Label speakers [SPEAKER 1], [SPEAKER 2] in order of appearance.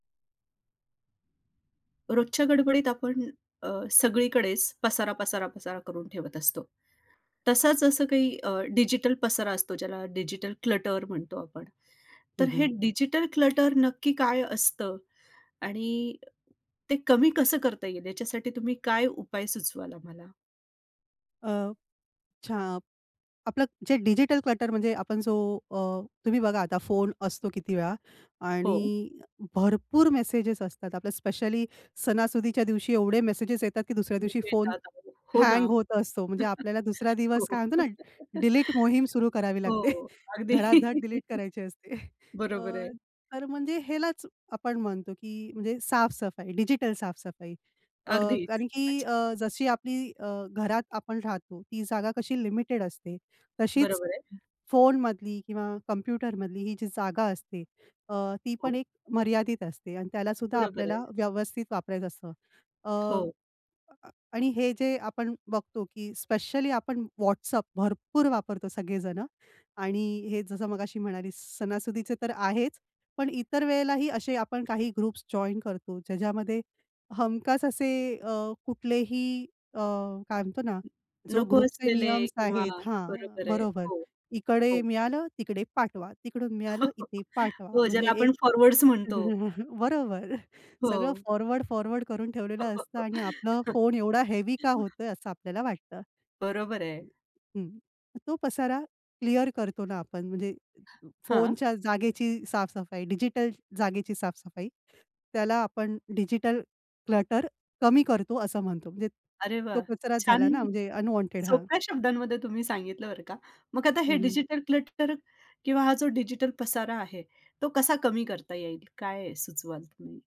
[SPEAKER 1] रोजच्या गडबडीत आपण अ, सगळीकडेच पसारा, पसारा, पसारा करून ठेवत असतो. तसाच असं काही अ, डिजिटल पसारा असतो, ज्याला डिजिटल क्लटर म्हणतो आपण.
[SPEAKER 2] हं,
[SPEAKER 1] तर हे
[SPEAKER 2] हं.
[SPEAKER 1] डिजिटल क्लटर नक्की काय असतं? आणि ते कमी कसं करता येईल? याच्यासाठी तुम्ही काय उपाय सुचवाल आम्हाला?
[SPEAKER 2] अ, छा आपलं जे डिजिटल क्लटर म्हणजे आपण जो अ, तुम्ही बघा आता फोन असतो किती वेळा
[SPEAKER 1] हो.
[SPEAKER 2] आणि भरपूर मेसेजेस असतात. आपलं स्पेशली सणासुदीच्या दिवशी एवढे मेसेजेस येतात, की दुसऱ्या दिवशी फोन
[SPEAKER 1] [unintelligible] हो ना.
[SPEAKER 2] हँग होत असतो. म्हणजे आपल्याला दुसरा
[SPEAKER 1] हो.
[SPEAKER 2] दिवस काय म्हणतो ना, डिलीट मोहीम सुरू करावी लागते.
[SPEAKER 1] हो. अगदी.
[SPEAKER 2] धडा-धड डिलीट करायची असते. अ,
[SPEAKER 1] बरोबर आहे.
[SPEAKER 2] तर म्हणजे ह्यालाच आपण म्हणतो की म्हणजे साफ-सफाई, डिजिटल साफ-सफाई. अ,
[SPEAKER 1] अगदीच.
[SPEAKER 2] कारण की
[SPEAKER 1] अच्छा.
[SPEAKER 2] अ, जशी आपली अ, घरात आपण राहतो, ती जागा कशी लिमिटेड असते. तशीच
[SPEAKER 1] बरोबर आहे.
[SPEAKER 2] फोनमधली किंवा कॉम्प्युटरमधली ही जी जागा असते अ, ती पण
[SPEAKER 1] हो.
[SPEAKER 2] एक मर्यादित असते आणि त्याला सुद्धा
[SPEAKER 1] बरोबर आहे.
[SPEAKER 2] आपल्याला व्यवस्थित वापरायचं असतं. अ,
[SPEAKER 1] हो.
[SPEAKER 2] आणि हे जे आपण बघतो, की स्पेशली आपण WhatsApp भरपूर वापरतो सगळे जणं आणि हे जसं मगाशी म्हणालीस सणासुदीचे तर आहेच. पण इतर वेळेलाही असे आपण काही ग्रुप्स जॉइन करतो, ज्याच्यामध्ये हमखास असे अ, कुठलेही अ, काय म्हणतो ना जो
[SPEAKER 1] नको
[SPEAKER 2] ग्रुपचे
[SPEAKER 1] असलेले
[SPEAKER 2] नियम
[SPEAKER 1] किंवा
[SPEAKER 2] आहेत हां.
[SPEAKER 1] बरोबर आहे.
[SPEAKER 2] बरोबर.
[SPEAKER 1] हो,
[SPEAKER 2] इकडे
[SPEAKER 1] हो.
[SPEAKER 2] मिळालं, तिकडे पाठवा. तिकडून मिळालं, इथे पाठवा.
[SPEAKER 1] हो,
[SPEAKER 2] म्हणजे
[SPEAKER 1] ज्याला
[SPEAKER 2] एक
[SPEAKER 1] आपण फॉरवर्ड्स म्हणतो.
[SPEAKER 2] बरोबर. सगळं
[SPEAKER 1] हो.
[SPEAKER 2] फॉरवर्ड, फॉरवर्ड करून ठेवलेलं असतं आणि आपलं फोन एवढा हेवी का होतोय? असं आपल्याला वाटतं.
[SPEAKER 1] बरोबर आहे.
[SPEAKER 2] हं. तो पसारा क्लिअर करतो ना आपण म्हणजे
[SPEAKER 1] हां.
[SPEAKER 2] फोनच्या जागेची साफ-सफाई, डिजिटल जागेची साफ-सफाई. त्याला आपण डिजिटल क्लटर कमी करतो असं म्हणतो. म्हणजे
[SPEAKER 1] अरे वाह!
[SPEAKER 2] तो कचराच झाला
[SPEAKER 1] छान
[SPEAKER 2] ना, म्हणजे अनवॉन्टेड हां.
[SPEAKER 1] सोप्या शब्दांमध्ये तुम्ही सांगितलं बरं का. मग आता हे
[SPEAKER 2] हं, हं.
[SPEAKER 1] डिजिटल क्लटर किंवा हा जो डिजिटल पसारा आहे, तो कसा कमी करता येईल? काय सुचवाल तुम्ही?